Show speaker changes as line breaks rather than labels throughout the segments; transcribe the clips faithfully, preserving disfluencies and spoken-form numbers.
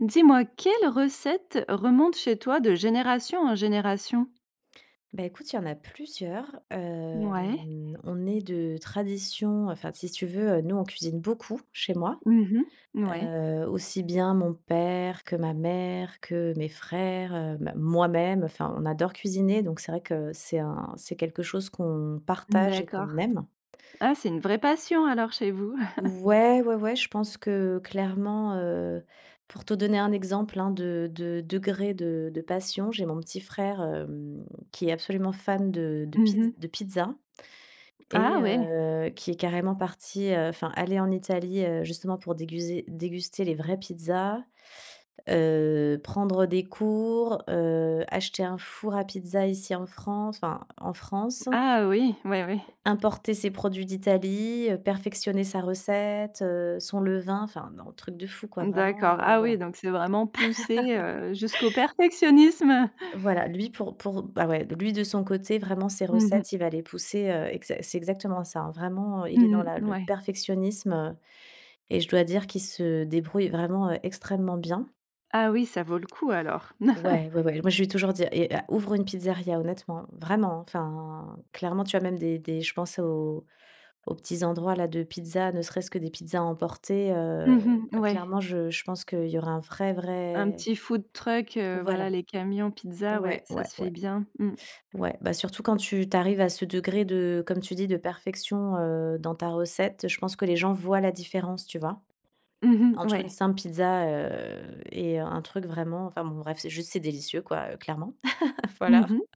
Dis-moi, quelle recette remonte chez toi de génération en génération?
Beh, écoute, il y en a plusieurs.
Mouais.
Hem, on est de tradition enfin, si tu veux, heu, nous on cuisine beaucoup, chez moi.
Mmh mh. Ouais.
Heu, aussi bien, mon père que ma mère, que mes frères, bah, moi-même enfin, on adore cuisiner, donc c'est vrai que c'est un c'est quelque chose qu'on partage et
D'accord.
qu'on aime.
Ah! C'est une vraie passion alors, chez vous?
Ouais, ouais, ouais. Je pense que, clairement, heu pour te donner un exemple, hein, de de degré de de passion, j'ai mon petit frère, hem, qui est absolument fan de de
Mmh
pizz
mh.
de pizza
Ah
et
oui.
heu, qui est carrément parti, heu enfin, allé en Italie, heu, justement, pour déguser déguster les vraies pizzas, heu, prendre des cours, heu, acheter un four à pizza, ici en France, enfin, en France
Ah oui, oui, oui.
importer ses produits d'Italie, heu, perfectionner sa recette, heu, son levain enfin, non, un truc de fou, quoi, vraiment,
D'accord.
heu,
Ah oui.
voilà.
Donc, c'est vraiment poussé, heu, jusqu'au perfectionnisme.
Voilà, lui, pour pour bah, ouais, lui de son côté, vraiment, ses
Mmh mh.
recettes, il va les pousser, heu, exa c'est exactement ça. Vraiment, il est dans
Mmh
la
mh.
le
Ouais.
perfectionnisme et je dois dire qu'il se débrouille vraiment, heu, extrêmement bien.
Ah oui, ça vaut le coup alors.
Ouais, ouais, ouais. Moi, lui ai toujours dit: «Eh, heu, ouvre une pizzeria, honnêtement, vraiment, enfin.» Clairement, tu as même des des je pense aux aux petits endroits, là, de pizzas. Ne serait-ce que des pizzas à emporter, heu.
Mmh mh,
Bah,
ouais.
clairement, je je pense qu'il y aura un vrai
Un
vrai
petit food truck, heu,
voilà.
voilà, les camions pizza, ouais,
Ouais,
ça
ouais,
se fait
ouais.
bien. Mmh.
Ouais, bah, surtout quand tu tu arrives à ce degré de comme tu dis, de perfection, heu, dans ta recette, je pense que les gens voient la différence, tu vois?
Mmh mh,
Entre une
ouais.
simple pizza, heu, et un truc vraiment, enfin bon, bref, c'est juste, c'est délicieux, quoi, heu, clairement. Voilà,
Mmh mh.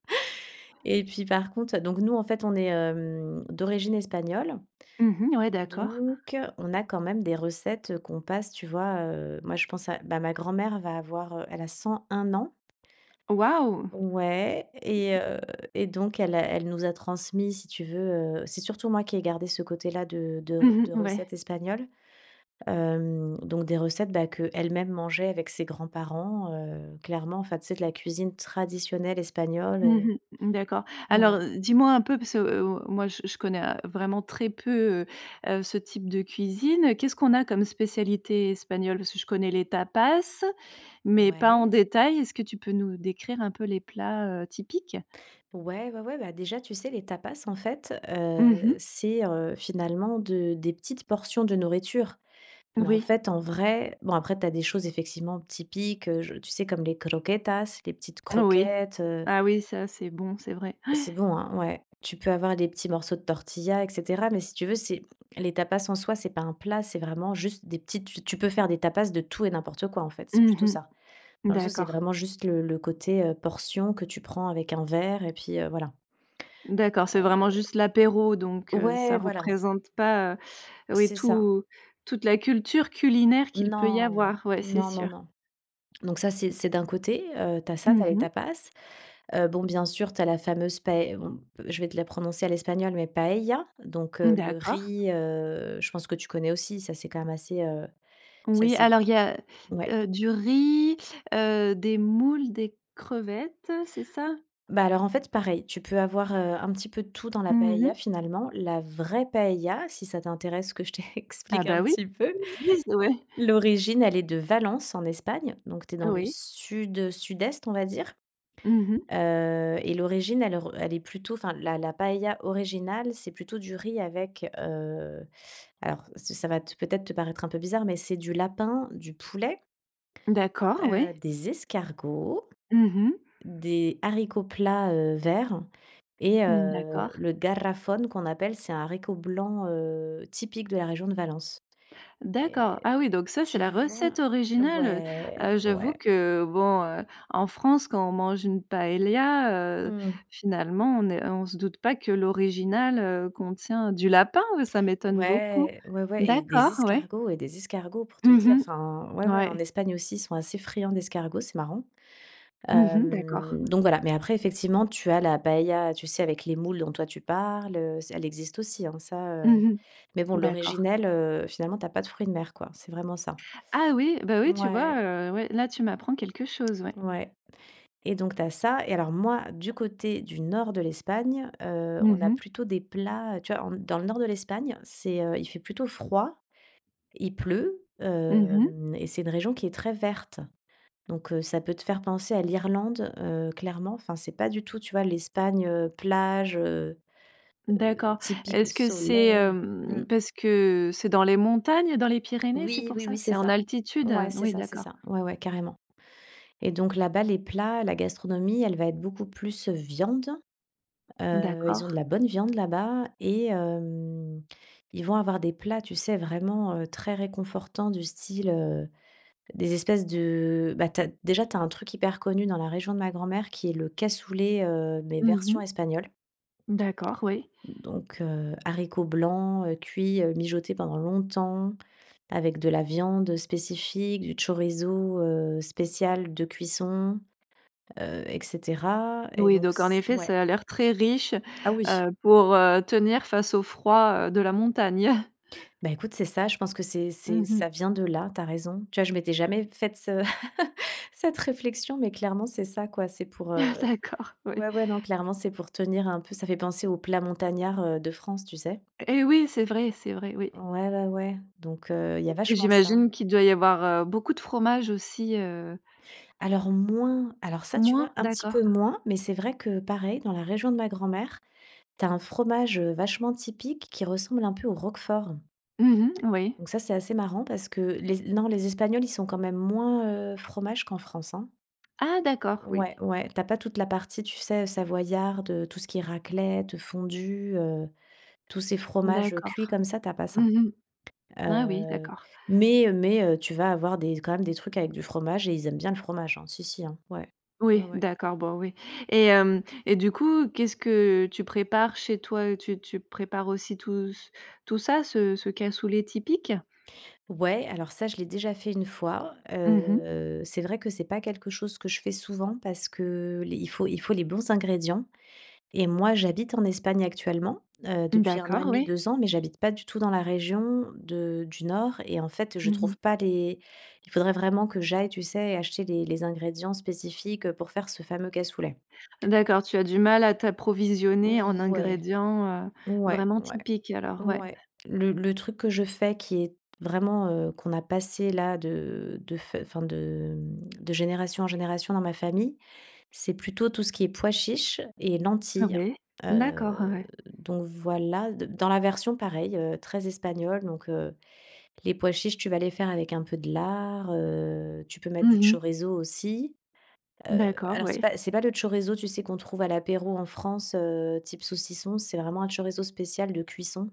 et puis, par contre, donc, nous, en fait, on est, hem, d'origine espagnole.
Mmh, mh. Ouais, d'accord.
Donc on a, quand même, des recettes qu'on passe, tu vois. Heu, moi, je pense à bah, ma grand-mère va avoir, elle a cent un ans.
Waouh!
Ouais, et heu, et donc, elle a elle nous a transmis, si tu veux, heu, c'est surtout moi qui ai gardé ce côté-là de de re
Mmh
de
mh, ouais.
recettes espagnoles. Hem, donc des recettes, bah, qu'elle-même mangeait avec ses grands-parents, heu, clairement, enfin, tu sais, de la cuisine traditionnelle espagnole, heu,
Mmh mh, d'accord. Alors,
voilà.
dis-moi un peu, parce que, heu, moi, je je connais, heu, vraiment très peu, heu, ce type de cuisine. Qu'est-ce qu'on a comme spécialités espagnoles? Parce que je connais les tapas, mais pas en
Ouais.
détail, est-ce que tu peux nous décrire un peu les plats, heu, typiques?
Ouais, ouais, ouais, bah, déjà, tu sais, les tapas, en fait,
Mmh
heu,
mh.
c'est, heu, finalement de des petites portions de nourriture. Mais, en
Oui.
fait, en vrai, bon, après, tu as des choses effectivement typiques, je tu sais, comme les croquetas, les petites
Oui.
croquettes, heu.
Ah oui, ça, c'est bon, c'est vrai, ouais.
C'est bon, hein? Ouais. Tu peux avoir les petits morceaux de tortilla, et cetera. Mais, si tu veux, c'est les tapas, en soi, c'est pas un plat, c'est vraiment juste des petites tu tu peux faire des tapas de tout et n'importe quoi. En fait, c'est
Mmh
plutôt
mh.
ça. Dans le sens, c'est
D'accord.
vraiment juste le le côté, heu, portion que tu prends avec un verre et puis, heu, voilà.
D'accord, c'est vraiment
Heu.
juste l'apéro donc, heu,
Ouais,
ça
voilà.
représente pas, heu, oui,
C'est ça.
tout toute la culture culinaire qu'il peut y
Non.
avoir, ouais, c'est
Non, non,
sûr.
non. Donc ça, c'est c'est d'un côté, heu, tu as ça, tu
Mmh
as les
mh.
tapas. Heu, bon, bien sûr, tu as la fameuse pae bon, je vais te la prononcer à l'espagnol, mais, paella. Donc,
Mmh,
heu, le
d'accord.
riz, heu, je pense que tu connais aussi, ça, c'est quand même assez, heu, c'est
Oui,
assez
alors, il y a,
ouais.
heu, du riz, heu, des moules, des crevettes, c'est ça?
Bah, alors, en fait, pareil. Tu peux avoir, heu, un petit peu de tout dans la
Mmh
paella,
mh.
finalement. La vraie paella, si ça t'intéresse que je
Ah
t'explique
bah
un
oui,
petit peu.
[unintelligible] ouais.
L'origine, elle est de Valence, en Espagne. Donc, tu es dans le
Oui.
sud, sud-est, on va dire.
Mmh mh.
Heu, et l'origine, elle re elle est plutôt enfin, la la paella originale, c'est plutôt du riz avec, heu, alors, ça ça va te peut-être, te paraître un peu bizarre, mais c'est du lapin, du poulet
D'accord,
heu,
ouais.
des escargots,
Mmh mh.
des haricots plats, heu, verts et,
Mmh,
heu,
d'accord.
le garrofón qu'on appelle, c'est un haricot blanc, heu, typique de la région de Valence.
D'accord,
Et
ah oui, donc ça, c'est
tu
la
vois?
recette originale, heu heu,
Ouais,
j'avoue
ouais.
que bon, en France, quand on mange une paellia, heu,
Mmh.
finalement, on est on se doute pas que l'originale, heu, contient du lapin, ça m'étonne beaucoup.
Ouais, ouais, ouais, et des
D'accord, ouais.
escargots et des escargots, pour te
Mmh
dire
mh.
enfin, ouais, ouais. En
Ouais.
Espagne aussi, ils sont assez friands d'escargots, c'est marrant.
Mmh mh. D'accord.
Hem, donc voilà. Mais, après, effectivement, tu as la paella, tu sais, avec les moules, dont toi tu parles, heu, se elle existe aussi, hein, ça, heu.
Mmh
Mais bon,
mh, d'accord.
l'originelle, heu, finalement, tu as pas de fruits de mer, quoi, c'est vraiment ça.
Ah oui! Bah oui, tu vois,
Ouais.
heu, ouais, là tu m'apprends quelque chose, ouais.
Ouais. Et donc, tu as ça. Et alors, moi, du côté du nord de l'Espagne, heu,
Mmh
on a
mh.
plutôt des plats, heu, tu vois, on dans le nord de l'Espagne, c'est, heu, il fait plutôt froid, il pleut,
Mmh mh.
hem, et c'est une région qui est très verte. Donc, heu, ça peut te faire penser à l'Irlande, heu, clairement. Enfin c'est pas du tout, tu vois, l'Espagne, heu, plage, heu heu,
D'accord.
typique,
Est-ce que c'est,
soleil. Mmh.
hem, parce que c'est dans les montagnes, dans les Pyrénées, c'est
Oui,
pour
oui,
ça?
oui, c'est
C'est en
ça.
altitude?
Ouais, c'est
Oui,
ça c'est
d'accord.
ça, ouais, ouais, carrément. Et donc, là-bas, les plats, la gastronomie, elle va être beaucoup plus, heu, viande. Heu, ils ont de
D'accord.
la bonne viande là-bas et hem, ils vont avoir des plats, tu sais, vraiment, heu, très réconfortants, du style, heu, des espèces de bah, tu as, déjà tu as un truc hyper connu dans la région de ma grand-mère, qui est le cassoulet, heu, mais,
Mmh
version
mh.
espagnole.
D'accord, oui.
Donc, heu, haricots blancs, heu, cuits, heu, mijotés pendant longtemps, avec de la viande spécifique, du chorizo, heu, spécial de cuisson, heu, et cetera, et
Oui,
donc,
donc, en
s
effet,
ouais.
ça a l'air très riche,
Ah oui.
heu, pour, heu, tenir face au froid, heu, de la montagne.
Bah, écoute, c'est ça, je pense que c'est c'est
Mmh mh.
ça vient de là, tu as raison. Tu vois, je m'étais jamais faite ce cette, réflexion, mais clairement, c'est ça, quoi. C'est pour,
Ah,
heu,
d'accord, oui.
ouais, ouais, non, clairement, c'est pour tenir un peu ça fait penser au plat montagnard, heu, de France, tu sais?
Et oui, c'est vrai, c'est vrai, oui.
Ouais, ouais, ouais, donc, heu, il y a vachement ça.
J'imagine qu'il doit y avoir, heu, beaucoup de fromages aussi, heu.
Alors, moins alors ça, tu vois,
Moins?
un petit peu
D'accord.
moins. Mais c'est vrai que, pareil, dans la région de ma grand-mère, tu as un fromage, heu, vachement typique, qui ressemble un peu au roquefort.
Mmh mh, oui.
Donc ça, c'est assez marrant, parce que les Es non, les Espagnols, ils sont quand même moins, heu, fromages qu'en France, hein.
Ah d'accord, oui.
Ouais, ouais, tu as pas toute la partie, tu sais, savoyarde, heu, tout ce qui est raclette, fondue, heu, tous ces fromages cuits
D'accord.
comme ça, tu as pas ça.
Mmh mh, ah oui,
Heu,
d'accord.
mais, heu mais, heu, tu vas avoir des quand même, des trucs avec du fromage et ils aiment bien le fromage, hein, si si, hein. Ouais, ouais
Oui,
ouais.
d'accord, bon, oui. Et hem, et du coup, qu'est-ce que tu prépares chez toi? Heu, tu tu prépares aussi tout c tout ça, ce ce cassoulet typique?
Ouais, alors ça, je l'ai déjà fait une fois.
Mmh mh.
Heu, c'est vrai que c'est pas quelque chose que je fais souvent parce que les il faut il faut les bons ingrédients. Et moi, j'habite en Espagne actuellement, heu, depuis un an et
D'accord,
demi,
oui.
deux ans, mais j'habite pas du tout dans la région de du nord. Et, en fait, je
Mmh mh.
trouve pas les il faudrait vraiment que j'aille, tu sais, acheter les les ingrédients spécifiques, pour faire ce fameux cassoulet.
D'accord, tu as du mal à t'approvisionner en
Ouais.
ingrédients, heu,
Ouais,
vraiment
ouais,
typiques, alors, ouais.
ouais. Le le truc que je fais, qui est vraiment, heu, qu'on a passé, là de de enfin, de de génération en génération dans ma famille, c'est plutôt tout ce qui est pois chiches et
Ah
lentilles.
ouais, d'accord,
Heu,
ouais.
donc voilà, de dans la version, pareil, heu, très espagnole. Donc, heu, les pois chiches, tu vas les faire avec un peu de lard, heu, tu peux mettre
Mmh
du
mh.
chorizo aussi. Heu,
D'accord,
alors, c'est
oui.
pas c'est pas le chorizo, tu sais, qu'on trouve à l'apéro en France, heu, type saucisson, c'est vraiment un chorizo spécial de cuisson.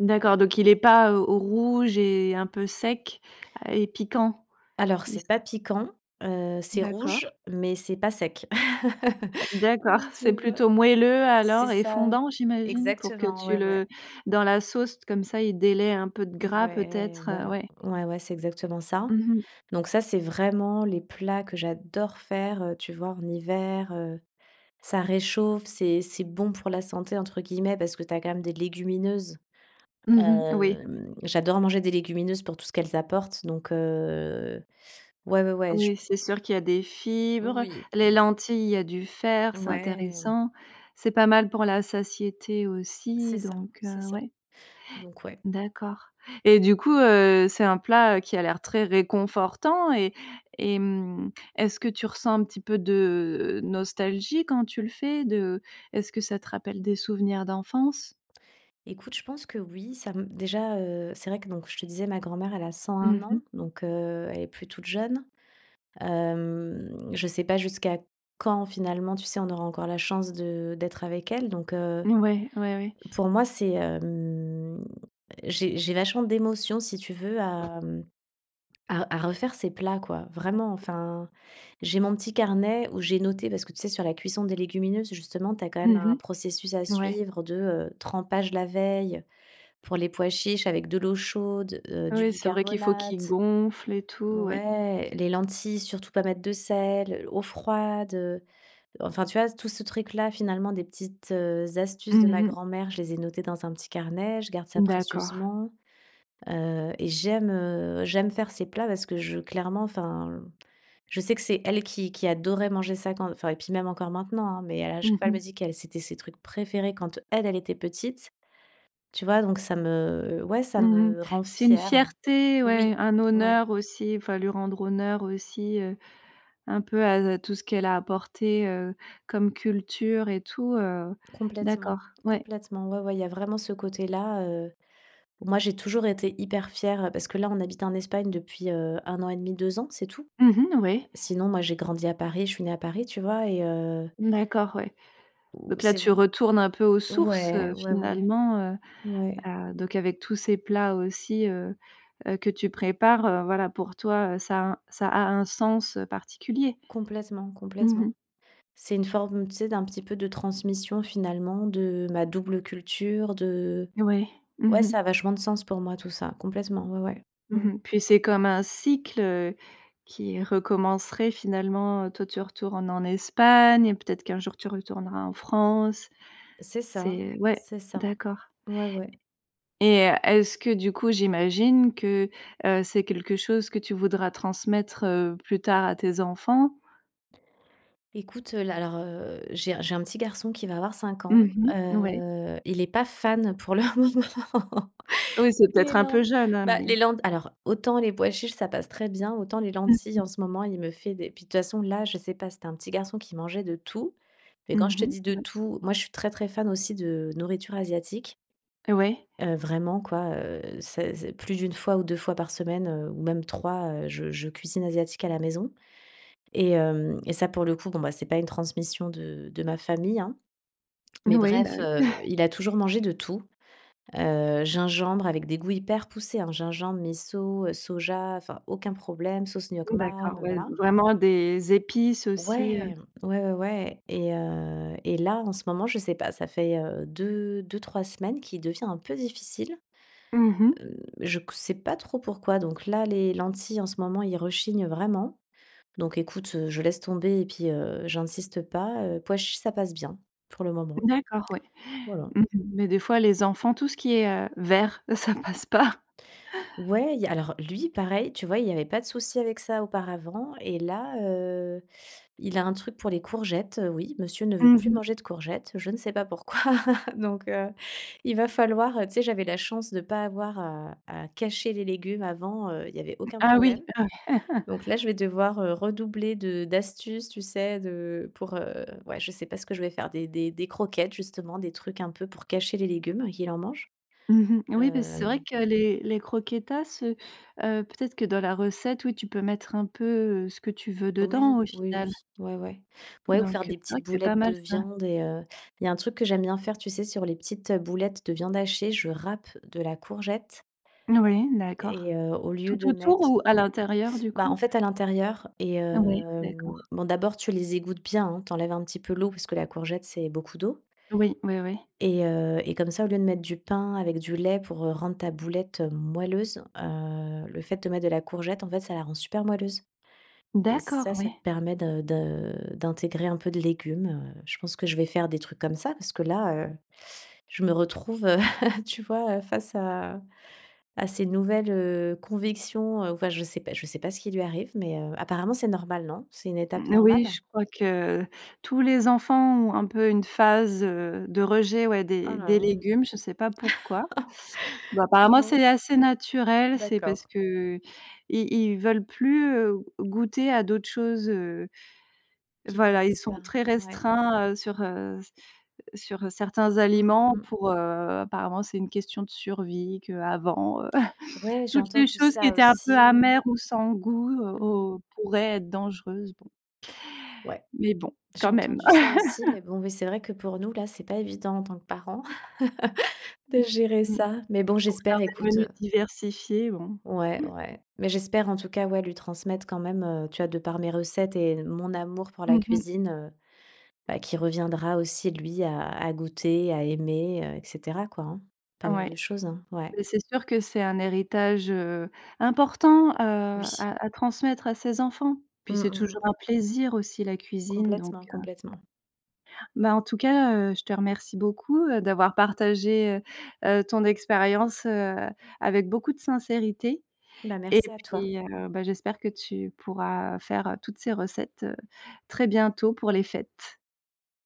D'accord,
Heu
donc, il est pas, heu, rouge et un peu sec, à et piquant?
Alors,
Il se
c'est pas piquant, heu, c'est
D'accord.
rouge, mais c'est pas sec.
D'accord,
Donc,
c'est
tu vois,
plutôt moelleux
c'est
alors, et
ça,
fondant, j'imagine, pour que
exactement,
tu
ouais, ouais.
le dans la sauce, comme ça, il délais un peu de
V
gras
ouais,
peut-être, heu,
voilà,
ouais.
ouais, ouais, c'est exactement ça.
Mmh mh.
Donc ça, c'est vraiment les plats que j'adore faire, heu. Tu vois, en hiver, heu, ça réchauffe, c'est c'est bon pour la santé, entre guillemets, parce que tu as quand même des légumineuses.
Mmh mh. Oui.
Hem, j'adore manger des légumineuses pour tout ce qu'elles apportent, donc heu, ouais, ouais, ouais, je p
Oui, c'est sûr qu'il y a des fibres,
Oui
les
oui.
lentilles, il y a du fer, c'est
Ouais.
intéressant. C'est pas mal pour la satiété
C'est
aussi
ça,
donc,
c'est
heu,
ça,
ouais.
donc, ouais.
D'accord. Et du coup, heu, c'est un plat, heu, qui a l'air très réconfortant et et, hem, est-ce que tu ressens un petit peu de nostalgie quand tu le fais de est-ce que ça te rappelle des souvenirs d'enfance?
Écoute, je pense que oui, ça me déjà, heu, c'est vrai que donc, je te disais, ma grand-mère, elle a cent un
Mmh mh.
ans. Donc, heu, elle est plus toute jeune. Hem, je sais pas jusqu'à quand, finalement, tu sais, on aura encore la chance de d'être avec elle, donc, heu.
Ouais ouais ouais.
Pour moi, c'est, hem, j'ai j'ai vachement d'émotions, si tu veux à, mmh, à à refaire ces plats, quoi, vraiment, enfin. J'ai mon petit carnet où j'ai noté, parce que, tu sais, sur la cuisson des légumineuses, justement, tu as quand même un
Mmh
processus à
mh, ouais.
suivre de, heu, trempage la veille. Pour les pois chiches, avec de l'eau chaude, heu, du
Oui, c'est vrai qu'il faut qu'ils
bicarbonate.
gonflent et tout, ouais.
Ouais, les lentilles, surtout pas mettre de sel, eau froide, heu, enfin, tu vois, tout ce truc là, finalement. Des petites, heu, astuces de ma
Mmh mh.
grand-mère, je les ai notées dans un petit carnet, je garde ça
D'accord.
précieusement. Heu, et j'aime, heu, j'aime faire ces plats parce que je clairement, enfin, je sais que c'est elle qui qui adorait manger ça quand enfin, et puis même encore maintenant, hein. Mais elle, à chaque
Mmh
fois, elle
mh.
me dit qu'elle c'était ses trucs préférés quand elle, elle était petite, tu vois. Donc ça me, ouais, ça
Mmh mh.
me rend
C'est une
fière.
fierté, ouais,
Oui,
un
ouais.
honneur aussi, enfin, lui rendre honneur aussi, heu, un peu à à tout ce qu'elle a apporté, heu, comme culture et tout, heu. D'accord,
Complètement
ouais.
complètement, ouais, ouais, il y a vraiment ce côté-là, heu. Bon, moi, j'ai toujours été hyper fière, parce que là, on habite en Espagne depuis, heu, un an et demi, deux ans, c'est tout.
Mmh mh. Oui.
Sinon, moi, j'ai grandi à Paris, je suis née à Paris, tu vois? Et heu
D'accord, ouais.
Ou,
Donc là,
c'est v
tu retournes un peu aux sources, heu,
ouais, ouais ouais,
finalement, heu
ouais.
heu, donc avec tous ces plats aussi, heu heu, que tu prépares, heu, voilà, pour toi, heu, ça un ça a un sens, heu, particulier?
Complètement,
Mmh
complètement.
mh.
C'est une forme, tu sais, d'un petit peu de transmission, finalement, de ma double culture de
Oui, mmh
ouais
mh.
ça a vachement de sens pour moi, tout ça, complètement, ouais, ouais. Mmh.
Mmh mh. Puis, c'est comme un cycle, heu, qui recommencerait finalement. Toi, tu retournes en Espagne, et peut-être qu'un jour, tu retourneras en France.
C'est ça,
C'est ouais,
c'est ça,
d'accord.
ouais, ouais.
Et est-ce que, du coup, j'imagine que, heu, c'est quelque chose que tu voudras transmettre, heu, plus tard à tes enfants?
Écoute, heu, là, alors, heu, j'ai j'ai un petit garçon qui va avoir cinq ans.
Mmh mh, ouais.
Heu, il est pas fan, pour le moment,
Oui, c'est
les
peut-être un
lent
peu jeune, hein,
bah,
mais
les lent alors, autant les pois chiches ça passe très bien, autant les lentilles, en ce moment, il me fait des puis, de toutes façons là, je sais pas. C'était un petit garçon qui mangeait de tout, mais quand
Mmh
je te
mh.
dis de
Ouais.
tout, moi, je suis très très fan aussi de nourriture asiatique
Ouais.
heu, vraiment, quoi, heu, c'est c'est plus d'une fois ou deux fois par semaine, heu, ou même trois, heu, je je cuisine asiatique à la maison. Et, hem, et ça, pour le coup, bon, bah, c'est pas une transmission de de ma famille, hein. Mais
Oui, bah
bref,
oui.
heu, il a toujours mangé de tout. Heu, gingembre, avec des goûts hyper poussés, hein: gingembre, miso, soja, enfin, aucun problème, sauce nuoc mam,
D'accord,
heu,
ouais,
voilà.
vraiment des épices aussi, heu.
Ouais! Ouais, ouais, ouais. Et heu, et là, en ce moment, je sais pas, ça fait, heu, deux, deux-trois semaines qu'il devient un peu difficile.
Mmh
Mmh,
mh.
je q sais pas trop pourquoi. Donc là, les lentilles, en ce moment, il rechigne vraiment. Donc, écoute, heu, je laisse tomber et puis, heu, j'insiste pas. Heu, pois chiches, ça passe bien, pour le moment,
D'accord, ouais.
voilà.
Mmh mh, mais des fois, les enfants, tout ce qui est, heu, vert, ça passe pas.
Ouais, il y a alors lui, pareil, tu vois, il y avait pas de souci avec ça auparavant. Et là, heu, il a un truc pour les courgettes. Oui, monsieur ne veut
Mmh
plus
mh.
manger de courgettes, je sais pas pourquoi. Donc, heu, il va falloir, heu, tu sais, j'avais la chance de pas avoir à à cacher les légumes avant, heu, il y avait aucun
Ah oui.
problème. Donc là, je vais devoir, heu, redoubler de d'astuces, tu sais, de pour, heu, ouais, je sais pas ce que je vais faire. Des des des croquettes, justement, des trucs un peu, pour cacher les légumes et qu'il en mange.
Mmh mh. Oui, et puis, c'est vrai
Hem.
que les les croquetas, heu heu, peut-être que, dans la recette, oui, tu peux mettre un peu, heu, ce que tu veux
Oui,
dedans, au
oui, oui,
final.
ouais ouais, ouais, ou faire
Donc, heu,
des
c'est vrai
petites
que c'est pas
boulettes de
mal, ça.
viande et heu. Il y a un truc que j'aime bien faire, tu sais, sur les petites boulettes de viande hachée, je râpe de la courgette
Noui, d'accord.
et, heu, au
Tout
lieu de
autour
mettre
ou à l'intérieur du
bah, en
coup?
fait, à l'intérieur et,
Ouais,
hem,
d'accord.
bon, d'abord, tu les égouttes bien, hein, tu enlèves un petit peu l'eau, parce que la courgette, c'est beaucoup d'eau
Oui. Oui oui.
et, heu, et comme ça au lieu de mettre du pain avec du lait pour, heu, rendre ta boulette moelleuse, heu, le fait de mettre de la courgette, en fait, ça la rend super moelleuse. Et ça,
D'accord,
ça te
oui.
permet de de d'intégrer un peu de légumes, heu. Je pense que je vais faire des trucs comme ça parce que là, heu, je me retrouve, heu, tu vois, heu, face à à ces nouvelles, heu, convictions, enfin, je sais pas je sais pas ce qui lui arrive, mais, heu, apparemment, c'est normal, non? C'est une étape
Oui,
normale?
je crois que tous les enfants ont un peu une phase, heu, de rejet, ouais, des des
Ah.
légumes, je sais pas pourquoi. Bon, apparemment,
Bon.
c'est assez naturel, c'est parce
D'accord.
qu'ils ils veulent plus, heu, goûter à d'autres choses, heu.
Qu'ils
Voilà, ils
connaissent
sont
pas,
très
ouais.
restreints, heu, sur, heu, s sur certains
Mmh mh,
aliments
mh.
pour, heu, apparemment, c'est une question de survie. Qu'avant, heu,
Ouais, j'ai
toutes les
entendu
choses qui
ça
étaient un peu
aussi.
amères ou sans goût, heu,
Mmh.
o pourraient être dangereuses, bon.
Ouais,
Mais bon,
j'ai
quand même.
entendu ça aussi, mais bon, oui ,c'est vrai que, pour nous, là, c'est pas évident, en tant que parents, de gérer
Mmh.
ça. Mais bon,
Pour faire
j'espère,
des
écoute,
menus
heu
diversifiés bon.
Ouais,
Mmh.
ouais, mais j'espère, en tout cas, ouais, lui transmettre quand même, heu, tu vois, de par mes recettes et mon amour pour la
Mmh mh.
cuisine, heu, bah, qu'il reviendra aussi, lui à à goûter, à aimer, heu, et cetera, quoi, hein. Pas mal
Ouais.
de choses, hein. Ouais.
Bah, c'est sûr que c'est un héritage, heu, important, heu,
Oui.
à à transmettre à ses enfants. Et puis,
Mmh
c'est
mh,
toujours
mh.
un plaisir aussi, la cuisine donc,
Complètement,
heu.
complètement.
Bah, en tout cas, heu, je te remercie beaucoup, heu, d'avoir partagé, heu heu, ton expérience, heu, avec beaucoup de sincérité.
Bah,
Et
merci à toi.
puis, heu, bah, j'espère que tu pourras faire, heu, toutes ces recettes, heu, très bientôt pour les fêtes.